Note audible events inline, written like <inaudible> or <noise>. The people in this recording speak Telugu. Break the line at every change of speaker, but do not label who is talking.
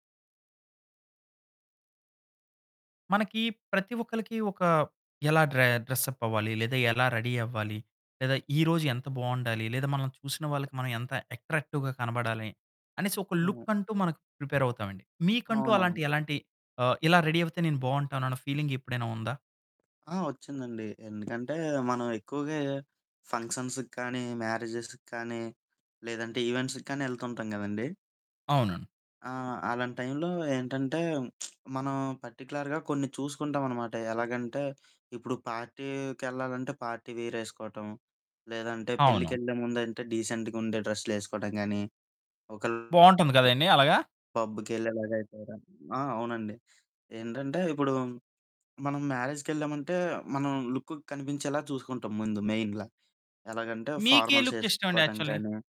మనకి ప్రతి ఒక్కరికి ఒక ఎలా డ్రె డ్రెస్ అప్ అవ్వాలి, లేదా ఎలా రెడీ అవ్వాలి, లేదా ఈరోజు ఎంత బాగుండాలి, లేదా మనం చూసిన వాళ్ళకి మనం ఎంత అట్రాక్టివ్‌గా కనపడాలి అనేసి ఒక
అవును.
లుక్ అంటూ మనం ప్రిపేర్ అవుతామండి. మీకంటూ అలాంటి
అవునవును.
ఎలాంటి ఆహ్, ఇలా రెడీ అవుతే నేను బాగుంటాను అన్న ఫీలింగ్ ఎప్పుడైనా ఉందా?
ఆ! వచ్చిందండి. ఎందుకంటే, మనం ఎక్కువగా ఫంక్షన్స్‌కి కానీ, మ్యారేజెస్‌కి కానీ లేదంటే ఈవెంట్స్‌కి కానీ ఎళ్తుంటాం కదండీ.
అవునండి.
ఆ! అలాంటి టైంలో ఏంటంటే <smacks lips> మనం పర్టిక్యులర్‌గా కొన్ని చూసుకుంటావనమాట. ఎలాగంటే, ఇప్పుడు పార్టీకెళ్ళాలంటే పార్టీ వేర్ ఏసుకోవటం. లేదంటే
అవును.
పెళ్ళికెళ్ళే ముందంటే డీసెంట్‌గా ఉండే డ్రెస్లేసుకోడం కాని ఒకెళ
బాగుంటుంది కదండీ అలాగ.
పబ్బుకెళ్ళేలాగా అయితెగ ఆ! అవునండి ఏంటంటే ఇప్పుడు మనం మ్యారేజ్‌కెళ్ళామంటే మనం లుక్ కనిపించేలా చూసుకుంటాం ముందు మెయిన్‌గా. ఎలాగంటే
మీకే
ఫార్మల్స్
లుక్ ఇష్టం అండి
వేసుకోవటం
యాక్చువల్లి?
కానీ.